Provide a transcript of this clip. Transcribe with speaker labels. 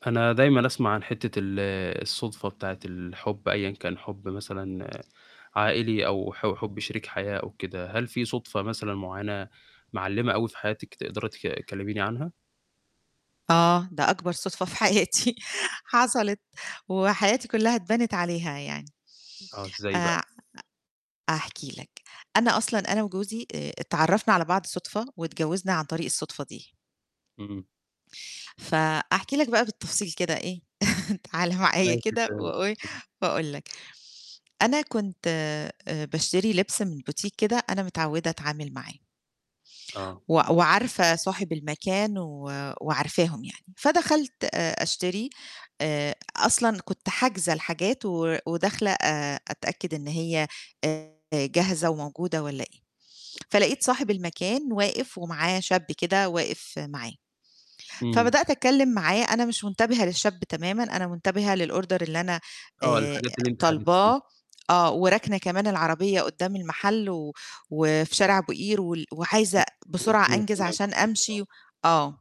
Speaker 1: أنا دايمًا أسمع عن حتّة ال الصدفة بتاعة الحُب أيًا كان حُب مثلًا عائلي أو ح حُب شريك حياة أو كده، هل في صدفة مثلًا معيّنة، معلّمة أوي في حياتِك تقدري تك تكلّميني عنها؟
Speaker 2: آه ده أكبر صدفة في حياتي حصلِت، وحياتي كلّها اتبنت عليها يعني.
Speaker 1: آه إزاي بقى؟
Speaker 2: آآ هاحكي لك، أنا أصلًا أنا وجوزي آآ اتعرّفنا على بعض صدفة، واتجوّزنا عن طريق الصدفة دي.
Speaker 1: اهم.
Speaker 2: فأحكي لك بقى بالتفصيل كده إيه، تعالَ معايا كده وإيه،
Speaker 1: [unintelligible]
Speaker 2: وأقول لك، أنا كنت آآ باشتري لبس من بوتيك كده أنا متعوّدة أتعامل معاه
Speaker 1: آه.
Speaker 2: و وعارفة صاحب المكان و وعارفاهم يعني، فدخلت آآ أشتري آآ أصلًا كنت حاجزة الحاجات و وداخلة آآ أتأكد إن هي آآ جاهزة وموجودة والّا إيه، فلقيت صاحب المكان واقف ومعاه شاب كده واقف معاه،
Speaker 1: إمم.
Speaker 2: فبدأت أتكلّم معاه أنا مش منتبهة للشاب تمامًا أنا منتبهة للOrder اللي أنا
Speaker 1: آه،
Speaker 2: آآ
Speaker 1: الحاجات اللي أنتِ حجزتيها.
Speaker 2: طالباه، آه وراكنة كمان العربية قدّام المحل و وفي شارع أبو قير وال وعايزة بسرعة
Speaker 1: والدنيا
Speaker 2: أنجز
Speaker 1: تمام
Speaker 2: عشان
Speaker 1: [unintelligible]
Speaker 2: أمشي آه.